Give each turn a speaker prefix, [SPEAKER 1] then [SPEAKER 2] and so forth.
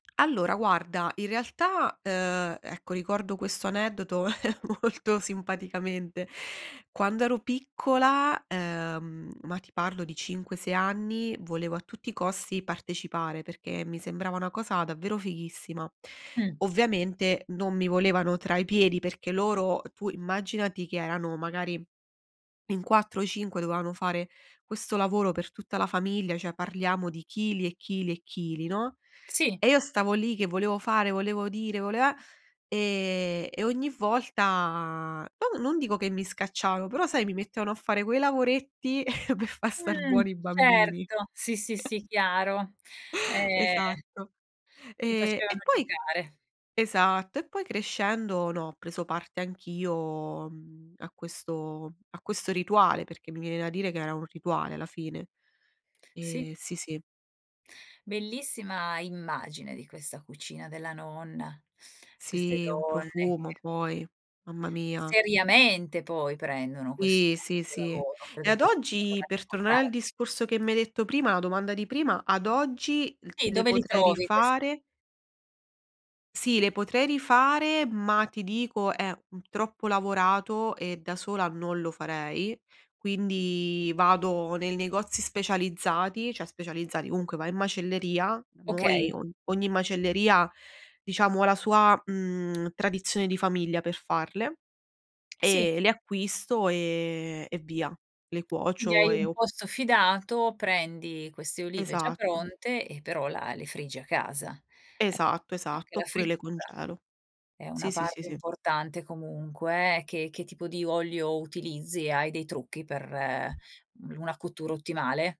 [SPEAKER 1] Allora guarda, in realtà, uhm, ecco, ricordo questo aneddoto molto simpaticamente. Quando ero piccola, ehm, ma ti parlo di 5,6 anni, volevo a tutti i costi partecipare, perché mi sembrava una cosa davvero fighissima.
[SPEAKER 2] Mh.
[SPEAKER 1] Ovviamente, non mi volevano tra i piedi, perché loro tu immaginati che erano magari in 4 o 5 dovevano fare questo lavoro per tutta la famiglia, cioè parliamo di chili e chili e chili, no,
[SPEAKER 2] Sì.
[SPEAKER 1] e io stavo lì che volevo fare, volevo dire, vole eh ehm, e ogni volta, no non dico che mi scacciavano, però sai mi mettevano a fare quei lavoretti per far star
[SPEAKER 2] Mh,
[SPEAKER 1] buoni i bambini
[SPEAKER 2] certo, sì, sì, sì, chiaro. Ehm
[SPEAKER 1] Esatto.
[SPEAKER 2] ti
[SPEAKER 1] E
[SPEAKER 2] facevano
[SPEAKER 1] e poi
[SPEAKER 2] giocare.
[SPEAKER 1] esatto, e poi crescendo no, ho preso parte anch'io, mhmm, a questo a questo rituale, perché mi viene da dire che era un rituale alla fine.
[SPEAKER 2] Sì.
[SPEAKER 1] Ehm sì, sì.
[SPEAKER 2] Bellissima immagine di questa cucina della nonna, queste
[SPEAKER 1] Sì, un
[SPEAKER 2] donne
[SPEAKER 1] profumo
[SPEAKER 2] che
[SPEAKER 1] poi, mamma mia.
[SPEAKER 2] Seriamente poi prendono questo
[SPEAKER 1] Sì, sì,
[SPEAKER 2] questo
[SPEAKER 1] sì.
[SPEAKER 2] lavoro,
[SPEAKER 1] E
[SPEAKER 2] credo
[SPEAKER 1] ad
[SPEAKER 2] che fossero
[SPEAKER 1] oggi,
[SPEAKER 2] giornate
[SPEAKER 1] per
[SPEAKER 2] importan
[SPEAKER 1] tornare al discorso che mi hai detto prima la domanda di prima: ad oggi l
[SPEAKER 2] Sì,
[SPEAKER 1] le
[SPEAKER 2] dove li
[SPEAKER 1] potrei
[SPEAKER 2] trovi quest
[SPEAKER 1] rifare? Sì, le potrei rifare, ma ti dico è un troppo lavorato e da sola non lo farei, quindi vado nei negozi specializzati, cioè specializzati, comunque vai in macelleria, noi
[SPEAKER 2] Okay.
[SPEAKER 1] o ogni macelleria diciamo ha la sua, mhmm, tradizione di famiglia per farle
[SPEAKER 2] Sì.
[SPEAKER 1] e le acquisto e e via, le
[SPEAKER 2] Quindi
[SPEAKER 1] cuocio
[SPEAKER 2] hai
[SPEAKER 1] e
[SPEAKER 2] un
[SPEAKER 1] o
[SPEAKER 2] posto fidato, prendi queste olive già
[SPEAKER 1] Esatto.
[SPEAKER 2] pronte e però la le friggi a casa. Ecco,
[SPEAKER 1] Esatto,
[SPEAKER 2] anche
[SPEAKER 1] esatto.
[SPEAKER 2] la
[SPEAKER 1] Oppure le
[SPEAKER 2] frittura
[SPEAKER 1] congelo.
[SPEAKER 2] è una
[SPEAKER 1] Sì, sì, sì,
[SPEAKER 2] parte
[SPEAKER 1] sì.
[SPEAKER 2] importante comunque, eh, che che tipo di olio utilizzi? Hai dei trucchi per, mhmm, una cottura ottimale?